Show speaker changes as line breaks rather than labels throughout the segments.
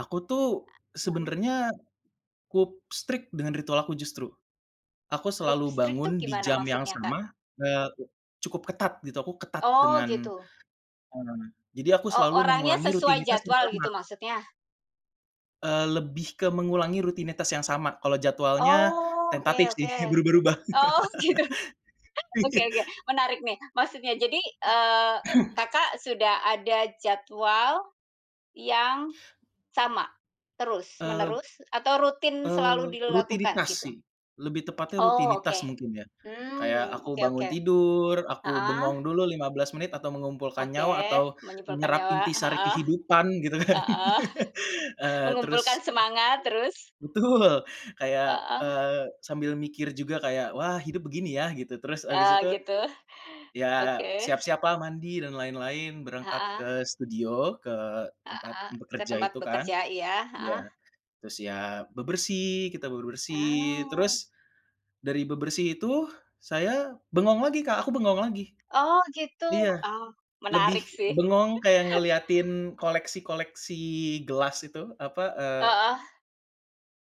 Aku tuh,
Heeh.
sebenarnya cukup strict dengan ritual aku justru. Aku
Cukup
selalu
strict itu
bangun di
gimana
jam yang
maksudnya, Kak?
sama, eee, cukup ketat, gitu. Aku ketat
Oh,
dengan,
gitu.
mmm, jadi aku
Oh,
selalu
orangnya
mengulangi
sesuai
rutinitas yang
jadwal
sama.
gitu, maksudnya?
Eee, lebih ke mengulangi rutinitas yang sama. Kalo jadwalnya,
Oh, oke
tentatif sih.
oke.
Berubah-ubah.
Oh, gitu. Oke
Iya.
oke, menarik nih. Maksudnya, jadi, eee, Kakak, sudah ada jadwal yang sama
Eee
terus-menerus, atau rutin selalu
Eee,
dilakukan
rutinitas
gitu?
sih, lebih tepatnya
Oh,
rutinitas,
Oke.
mungkin ya. Kayak
Mmm,
aku
oke
bangun
oke,
tidur, aku
Heeh.
bengong dulu 15 menit, atau mengumpulkan
Oke.
nyawa, atau
Menyimpulkan
menyerap
nyawa,
inti sari
heeh.
kehidupan, gitu kan,
Heeh,
eee,
mengumpulkan
terus
semangat, terus?
Betul. Kayak,
Heeh.
eee, sambil mikir juga kayak, wah hidup begini ya? Gitu. Terus habis
Oh,
itu,
gitu.
ya
Oke.
siap-siap lah, mandi dan lain-lain. Berangkat
Heeh.
ke studio, ke tempat
Heeh, ke
bekerja
tempat
itu kan
bekerja iya,
ya.
heeh.
Terus ya bebersih, kita bebersih.
Ah.
Terus, dari bebersih itu, saya bengong lagi, Kak, aku bengong lagi.
Oh, gitu.
Iya.
Oh,
Lebih
menarik, sih.
bengong kayak ngeliatin koleksi-koleksi gelas itu, apa, eee
Heeh.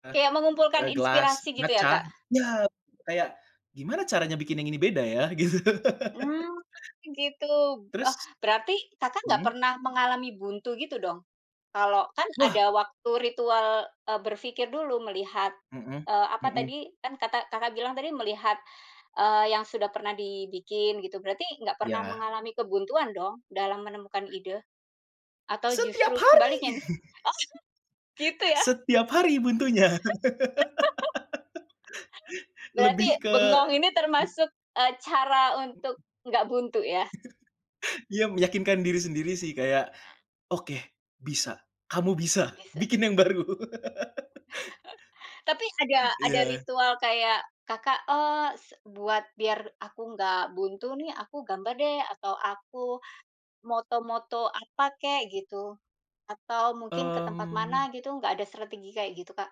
eh,
Kayak mengumpulkan
eee, gelas
inspirasi gitu ya,
ngaca
Kak?
iya. Kayak, gimana caranya bikin yang ini beda ya? Gitu.
Mmm, gitu,
Terus
eh, berarti, Kakak, nggak
mhm?
pernah mengalami buntu gitu, dong? Kalau kan
Wah!
ada waktu ritual, eee, berpikir dulu melihat,
Mhm
eee, apa
mhm.
tadi, kan kata Kakak, bilang tadi, melihat, eee, yang sudah pernah dibikin, gitu. Berarti nggak pernah
Iya.
mengalami kebuntuan, dong dalam menemukan ide? Atau
Setiap
justru
hari!
sebaliknya nih? Oh! Gitu, ya?
Setiap hari, buntunya.
Berarti,
Lebih ke,
bengong ini
mmm
termasuk, eee, cara untuk
Mmm.
nggak buntu, ya?
iya, meyakinkan diri sendiri sih. Kayak,
Nah.
"Oke, bisa. Kamu bisa
Bisa.
bikin yang baru."
Tapi, ada ada
Iya.
ritual kayak, Kakak, oh, se buat biar aku nggak buntu nih, aku gambar deh, atau aku moto-moto apa kek, gitu. Atau mungkin ke tempat mana,
Mmm.
gitu. Nggak ada strategi kayak gitu, Kak?